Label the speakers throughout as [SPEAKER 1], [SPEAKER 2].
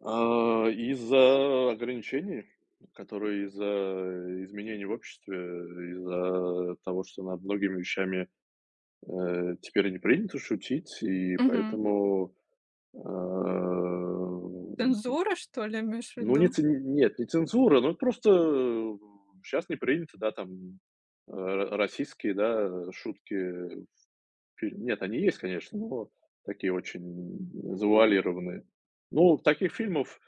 [SPEAKER 1] А, из-за ограничений, которые из-за изменения в обществе, из-за того, что над многими вещами, э, теперь не принято шутить, и
[SPEAKER 2] Мгм.
[SPEAKER 1] поэтому, а,
[SPEAKER 2] Ты н
[SPEAKER 1] м.
[SPEAKER 2] Зорро, что ли, имеешь в
[SPEAKER 1] Ну, не
[SPEAKER 2] виду?
[SPEAKER 1] ц нет, не цензура, но вот просто, м, щас не принято, да, там, э, расистские, да, э, шутки в филь нет, они есть, конечно, но такие очень, м, завуалированные. Ну, таких фильмов,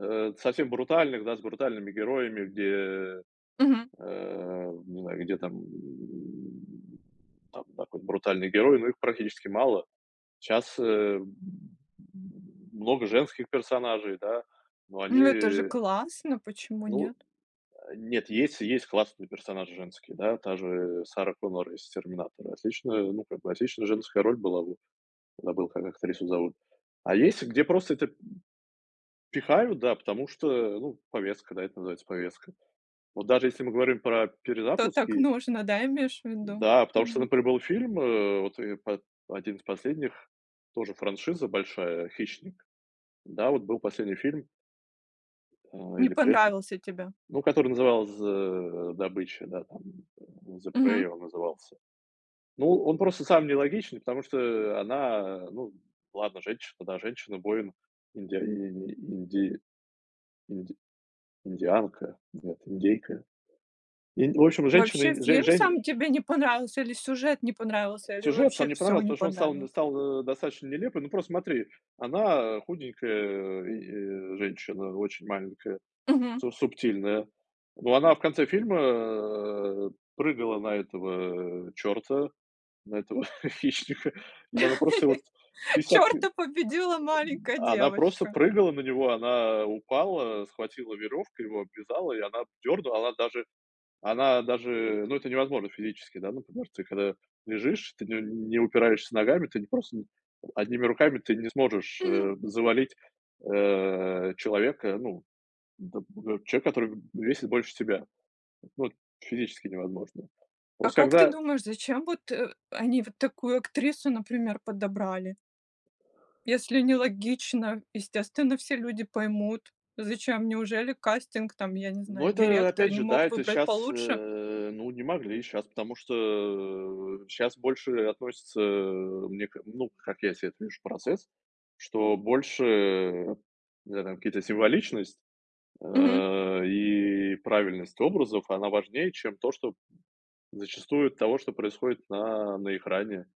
[SPEAKER 1] э, совсем брутальных, да, с брутальными героями, где,
[SPEAKER 2] Мгм.
[SPEAKER 1] э, не знаю, где там там какой-нибудь брутальный герой, но их практически мало. Щас, э, м, много женских персонажей, да, но
[SPEAKER 2] Ну, это же
[SPEAKER 1] они
[SPEAKER 2] классно, почему
[SPEAKER 1] Ну,
[SPEAKER 2] нет?
[SPEAKER 1] э, нет, есть есть классные персонажи женские. Да, та же Сара Коннор из Терминатора. Отличная, ну, как бы отличная женская роль была, вот, забыл, как актрису зовут. А есть, где просто это, м, пихают, да, потому что, ну, повестка, да, это называется повестка. Вот даже если мы говорим про
[SPEAKER 2] То так
[SPEAKER 1] перезапуски
[SPEAKER 2] нужно, да, имеешь в виду?
[SPEAKER 1] Да, потому что,
[SPEAKER 2] Мгм.
[SPEAKER 1] например, был фильм, э, вот, э, по 1 из последних, тоже франшиза большая, "Хищник". Да, вот был последний фильм ой,
[SPEAKER 2] Не
[SPEAKER 1] или пред
[SPEAKER 2] понравился тебе.
[SPEAKER 1] ну, который назывался, э, "Добыча", да, там "The
[SPEAKER 2] Мгм.
[SPEAKER 1] Prey" он назывался. Ну, он просто самый нелогичный, потому что она, ну, ладно, женщина, да, женщина-воин, индиа э, инди инди индианка, нет, индейка. Инди в общем,
[SPEAKER 2] Вообще,
[SPEAKER 1] женщина-инд жень
[SPEAKER 2] фильм
[SPEAKER 1] жень
[SPEAKER 2] сам тебе не понравился, или сюжет не понравился, или
[SPEAKER 1] Сюжет
[SPEAKER 2] вообще
[SPEAKER 1] сам не
[SPEAKER 2] всё
[SPEAKER 1] понравился,
[SPEAKER 2] не
[SPEAKER 1] потому что он стал, н
[SPEAKER 2] понравилось?
[SPEAKER 1] стал, э, достаточно нелепым. Ну, просто смотри: она, э, худенькая и, э, женщина очень маленькая,
[SPEAKER 2] Мгм.
[SPEAKER 1] су субтильная. Но она в конце фильма прыгала на этого чёрта, на этого хищника, и она его просто вот 50 ки М,
[SPEAKER 2] Чёрта победила маленькая
[SPEAKER 1] она просто
[SPEAKER 2] девочка.
[SPEAKER 1] прыгала на него, она упала, схватила верёвку, его обвязала, и она дёрнула. Она даже, она даже ну, это невозможно физически, да, например, ты когда лежишь, ты не не упираешься ногами, ты не просто одними руками, ты не сможешь,
[SPEAKER 2] Мгм.
[SPEAKER 1] э, завалить, э, человека, ну, там, например, человека, который, м, весит больше тебя. Ну, это физически невозможно.
[SPEAKER 2] А
[SPEAKER 1] Просто
[SPEAKER 2] как ты
[SPEAKER 1] когда
[SPEAKER 2] думаешь, зачем вот, э, они вот такую актрису, например, подобрали? Если нелогично, естественно, все люди поймут, зачем? Неужели кастинг, там, я не
[SPEAKER 1] Но
[SPEAKER 2] знаю,
[SPEAKER 1] это,
[SPEAKER 2] директор
[SPEAKER 1] опять
[SPEAKER 2] не
[SPEAKER 1] же, да,
[SPEAKER 2] мог
[SPEAKER 1] это
[SPEAKER 2] выбрать
[SPEAKER 1] щас,
[SPEAKER 2] получше?
[SPEAKER 1] э, ну, не могли. Щас, потому что щас больше относятся, мне ка ну, как я себе этот вижу процесс. Что больше, не знаю, там, какие-то символичность,
[SPEAKER 2] Мгм.
[SPEAKER 1] э, и правильность образов, она важнее, чем то, что, п зачастую того, что происходит на на экране.